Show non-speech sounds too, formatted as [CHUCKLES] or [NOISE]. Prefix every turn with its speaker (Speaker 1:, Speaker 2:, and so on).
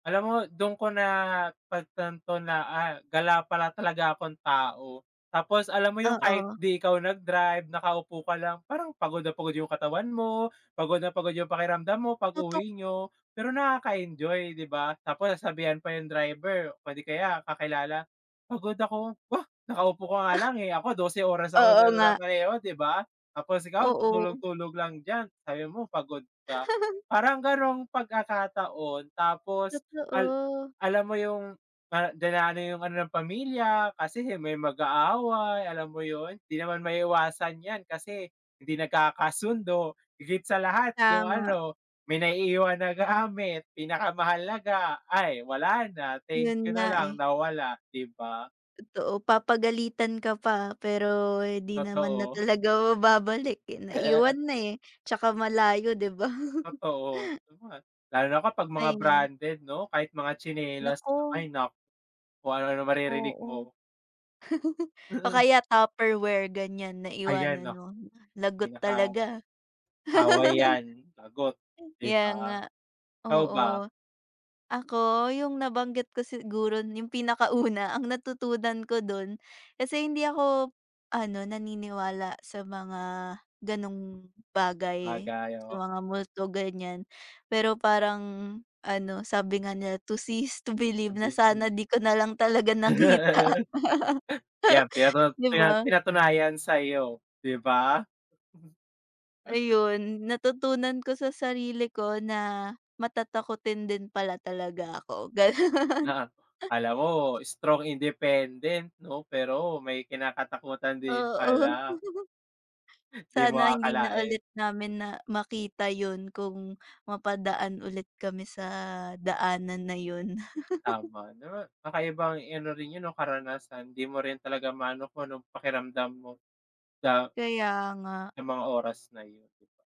Speaker 1: Alam mo, do'n ko napagtanto na, ah, gala pala talaga akong tao. Tapos alam mo yung kahit
Speaker 2: Oo.
Speaker 1: di ikaw nag-drive, nakaupo ka lang parang pagod na pagod yung katawan mo, pagod na pagod yung pakiramdam mo
Speaker 2: Totoo.
Speaker 1: pag-uwi nyo pero nakaka-enjoy, di ba? Tapos sasabihan pa yung driver, o di kaya kakilala, "pagod ako," "oh, nakaupo ka nga
Speaker 2: [SNORTS]
Speaker 1: lang, eh, ako 12 oras ako nag
Speaker 2: Oo nga.
Speaker 1: mamaneho di ba? tapos ikaw
Speaker 2: Oo.
Speaker 1: tutulog-tulog lang diyan sabi mo pagod ka" parang
Speaker 2: [CHUCKLES]
Speaker 1: ganong pagkakataon tapos, al
Speaker 2: Totoo.
Speaker 1: alam mo yung, ah, dina 'no yung ano ng pamilya, kasi may mag-aaway. Alam mo 'yon, di naman maiiwasan yan kasi hindi nagkakasundo higit sa lahat yung
Speaker 2: Tama
Speaker 1: ano, may naiiwan na gamit pinakamahalaga ay wala na thank
Speaker 2: 'Yon
Speaker 1: you
Speaker 2: nga,
Speaker 1: na
Speaker 2: eh.
Speaker 1: lang nawala, di ba?
Speaker 2: Totoo, papagalitan ka pa pero di naman na
Speaker 1: Totoo.
Speaker 2: talaga mababalik, eh,
Speaker 1: [LAUGHS]
Speaker 2: naiwan na, eh, 'tsaka malayo, di ba?
Speaker 1: Totoo, lalo na kapag mga
Speaker 2: Ayun.
Speaker 1: branded 'no? Kahit mga tsinelas lang,
Speaker 2: Naku.
Speaker 1: ay naku kung ano-ano na maririnig
Speaker 2: Oo.
Speaker 1: mo.
Speaker 2: [CHUCKLES] O
Speaker 1: Mm.
Speaker 2: kaya tupperware, ganiyan
Speaker 1: Ayan
Speaker 2: naiwanan
Speaker 1: oh.
Speaker 2: mo lagot
Speaker 1: Pinaka,
Speaker 2: talaga.
Speaker 1: away
Speaker 2: [LAUGHS]
Speaker 1: yan lagot di
Speaker 2: Kaya nga,
Speaker 1: ba, ikaw ba?
Speaker 2: oo. Ako, yung nabanggit ko siguro yung pinakauna ang natutunan ko do'n kasi hindi ako ano naniniwala sa mga ganong bagay.
Speaker 1: Sabagay,
Speaker 2: Sa
Speaker 1: oo.
Speaker 2: mga multo ganiyan, pero parang ano sabi nga nila "to see is to believe" na sana
Speaker 1: [UNINTELLIGIBLE]
Speaker 2: di ko nalang talaga nakita. [LAUGHS]
Speaker 1: [LAUGHS] Yan pinatut
Speaker 2: Di
Speaker 1: yan,
Speaker 2: ba?
Speaker 1: pina pinatunayan sayo, di ba? Mhm. [UNINTELLIGIBLE]
Speaker 2: Ayun natutunan ko sa sarili ko na matatakutin din pala talaga ako, gano'n.
Speaker 1: Oo, kala mo strong independent no? Pero may kinakatakutan din
Speaker 2: Oo.
Speaker 1: pala.
Speaker 2: [CHUCKLES]
Speaker 1: Di mo
Speaker 2: Sana hindi na
Speaker 1: aakalain.
Speaker 2: ulit namin na makita 'yon kung mapadaan ulit kami sa daanan na yon. [CHUCKLES]
Speaker 1: Tama 'no, kakaiba ano rin 'yon 'no, karanasan di mo rin talaga maano kung anong pakiramdam mo sa
Speaker 2: Kaya nga.
Speaker 1: sa mga oras na 'yon di ba?